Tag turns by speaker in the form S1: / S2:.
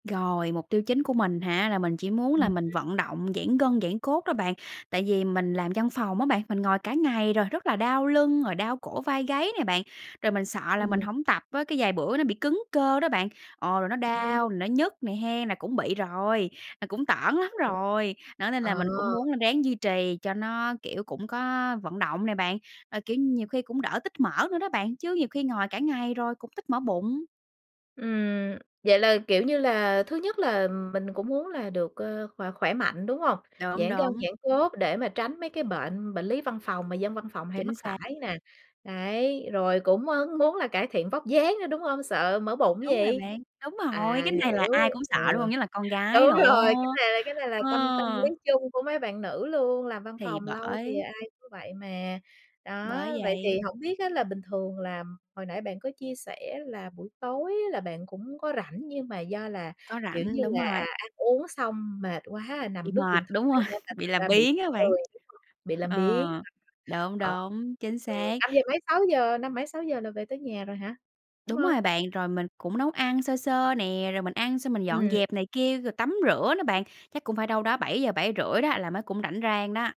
S1: Rồi, mục tiêu chính của mình hả, là mình chỉ muốn
S2: Ừm.
S1: là mình vận động, giãn gân, giãn cốt đó bạn. Tại vì mình làm văn phòng á bạn, mình ngồi cả ngày rồi, rất là đau lưng, rồi đau cổ vai gáy này bạn. Rồi mình sợ là mình
S2: Ừm.
S1: hổng tập á, cái vài bữa nó bị cứng cơ đó bạn, ồ, rồi nó
S2: Ừm.
S1: đau, rồi nó nhức nè hén, là cũng bị rồi, là cũng tởn lắm
S2: Vậy ha.
S1: rồi. Đó, nên là
S2: Ờ.
S1: mình cũng muốn là ráng duy trì cho nó, kiểu, cũng có vận động này bạn. Ờ, kiểu, nhiều khi cũng đỡ tích mỡ nữa đó bạn, chứ nhiều khi ngồi cả ngày rồi cũng tích mỡ bụng.
S2: Ừm, vậy là, kiểu, như là thứ nhất là mình cũng muốn là được, ờ, khỏe khỏe mạnh, đúng hông?
S1: Đúng,
S2: Giãn gân,
S1: đúng.
S2: giãn cốt để mà tránh mấy cái bệnh bệnh lý văn phòng mà dân văn phòng hay mắc
S1: Chính xác.
S2: phải nè. Đấy, rồi cũng, ơ, muốn là cải thiện vóc dáng nữa, đúng hông? Sợ mỡ bụng
S1: Đúng rồi
S2: gì?
S1: bạn, đúng rồi,
S2: À,
S1: cái này
S2: hiểu,
S1: là ai cũng
S2: ừ.
S1: sợ, đúng hông? Nhất là con gái
S2: Đúng
S1: nữa.
S2: rồi, cái này cái này là tâm tâm lý
S1: Ờ.
S2: chung của mấy bạn nữ luôn, làm văn
S1: Thì
S2: phòng lâu thì
S1: bởi.
S2: ai cũng vậy mà. Đó,
S1: Bởi
S2: vậy thì
S1: vậy.
S2: hổng biết á là bình thường là hồi nãy bạn có chia sẻ là buổi tối á là bạn cũng có rảnh nhưng mà do là,
S1: Có
S2: kiểu,
S1: rãnh,
S2: như
S1: đúng
S2: là,
S1: rồi.
S2: à, ăn uống xong mệt quá,
S1: Bị
S2: nằm lướt
S1: mệt,
S2: điện
S1: đúng rồi,
S2: thoại nên là
S1: bị
S2: thành
S1: làm
S2: ra bị
S1: biếng
S2: bị
S1: á bạn.
S2: lười, đúng hông? Bị làm
S1: Ờ,
S2: biếng,
S1: đúng,
S2: ờ, ờ.
S1: đúng, chính
S2: Ừ,
S1: xác.
S2: năm giờ mấy 6:00, năm mấy 6:00 là về tới nhà rồi hả? Đúng
S1: Đúng
S2: hông?
S1: rồi bạn, rồi mình cũng nấu ăn sơ sơ nè. Rồi mình ăn xong mình dọn
S2: Ừm.
S1: dẹp này kia, rồi tắm rửa đó bạn, chắc cũng phải đâu đó 7:00-7:30 đó là mới cũng rảnh rang đó.